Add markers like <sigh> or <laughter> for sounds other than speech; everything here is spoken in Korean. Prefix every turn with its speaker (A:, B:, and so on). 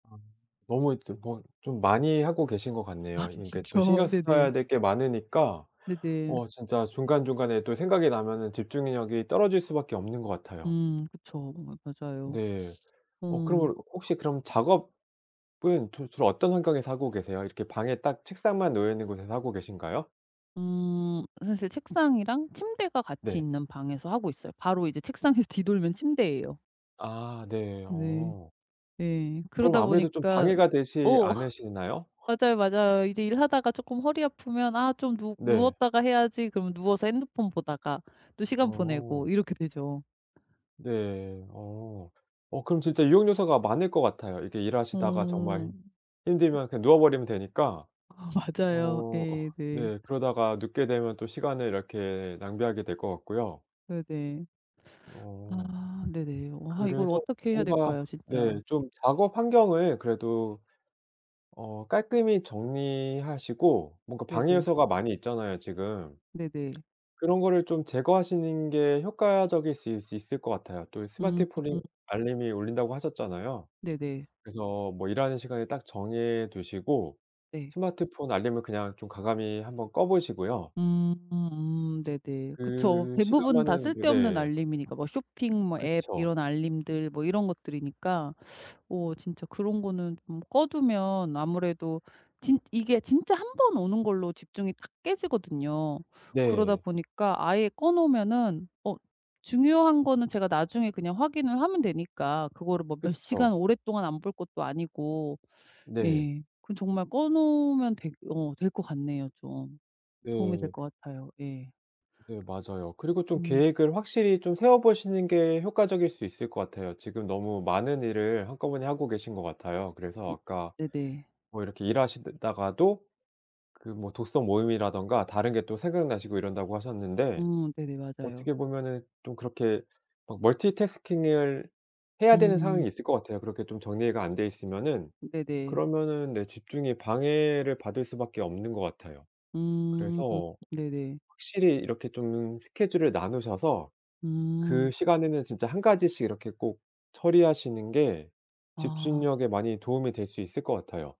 A: 아 너무 이렇게 뭐 좀 많이 하고 계신 것
B: 아
A: 같네요. 이렇게 또
B: 그렇죠.
A: 신경
B: 네네.
A: 써야 될 게 많으니까
B: 네네.
A: 어 진짜 중간중간에 또 생각이 나면은 집중력이 떨어질 수밖에 없는 것 같아요.
B: 음 그쵸. 마 맞아요.
A: 네. 어
B: 음.
A: 그러면 혹시 그럼 작업은 주로 주로 어떤 환경에서 하고 계세요? 이렇게 방에 딱 책상만 놓여 있는 곳에서 하고 계신가요?
B: 음 사실 책상이랑 침대가 같이
A: 네.
B: 있는 방에서 하고 있어요. 바로 이제 책상에서 뒤돌면 침대에요.
A: 아 네
B: 네.
A: 어.
B: 예.
A: 그럼
B: 그러다
A: 아무래도 좀
B: 보니까
A: 방해가 되지
B: 어
A: 않으신가요?
B: <laughs> 맞아요, 맞아요. 이제 일하다가 쪼끔 허리 아프면 '아 좀 누
A: 네.
B: 누웠다가 해야지.' 그러면 누워서 핸드폰 보다가 또 시간
A: 어.
B: 보내고 이렇게 되죠.
A: 네. 어 어 그럼 진짜 유혹 요소가 많을 것 같아요. 이렇게 일하시다가
B: 어.
A: 정말
B: 그
A: 힘들면 그냥 누워버리면 되니까.
B: 아
A: 어
B: 맞아요. 예.
A: 어
B: 네.
A: 네 그러다가 눕게 되면 또 시간을 이렇게 낭비하게 될 것 같고요.
B: 네네.
A: 어
B: 아 네네. 와 이걸
A: 그래서
B: 어떻게 해야
A: 뭔가
B: 될까요?
A: 네
B: 진짜?
A: 좀 작업 환경을 그래도 어 깔끔히 정리하시고 뭔가 방해
B: 네네.
A: 요소가 많이 있잖아요 지금.
B: 네네.
A: 그런 거를 좀 제거하시는 게 효과적일 수 있을 있을 것 같아요. 또
B: 음.
A: 스마트폰이 알림이 울린다고 하셨잖아요.
B: 네네.
A: 그래서 뭐 일하는 시간을 딱 정해 두시고
B: 네.
A: 스마트폰 알림을 그냥 좀 과감히 1 번 꺼 보시고요.
B: 음 음 네네. 그쵸.
A: 그
B: 대부분 다
A: 시간만은
B: 쓸데없는
A: 네.
B: 알림이니까 뭐 쇼핑 뭐 앱
A: 그쵸.
B: 이런 알림들 뭐 이런 것들이니까 어 진짜 그런 거는 좀 꺼두면 아무래도 진 이게 진짜 1 번 오는 걸로 집중이 탁 깨지거든요. 그러다
A: 네.
B: 보니까 아예 꺼 놓으면은 어 중요한 거는 제가 나중에 그냥 확인을 하면 되니까 그거를 뭐 몇 시간
A: 그쵸.
B: 오랫동안 안 볼 것도 아니고
A: 네.
B: 예. 그럼 정말 꺼 놓으면 될 어 될 것 같네요 좀. 도움이 될
A: 네.
B: 것 같아요. 예.
A: 네, 맞아요. 그리고 좀
B: 음.
A: 계획을 확실히 좀 세워보시는 게 효과적일 수 있을 것 같아요. 지금 너무 많은 일을 한꺼번에 하고 계신 것 같아요. 그래서 아까
B: 네네.
A: 뭐 이렇게 일하시다가도 그 뭐 독서 모임이라든가 다른 게 또 생각나시고 이런다고 하셨는데
B: 음 네네 맞아요.
A: 어떻게 보면은 좀 그렇게 막 멀티태스킹을 해야 되는
B: 음.
A: 상황이 있을 것 같아요. 그렇게 좀 정리가 안 되어 있으면은.
B: 네네.
A: 그러면은 네 집중에 방해를 받을 수밖에 없는 것 같아요.
B: 음
A: 그래서
B: 네네.
A: 확실히 이렇게 좀 스케줄을 나누셔서 그
B: 음.
A: 시간에는 진짜 1 가지씩 이렇게 꼭 처리하시는 게
B: 아.
A: 집중력에 많이 도움이 될 수 있을 것 같아요.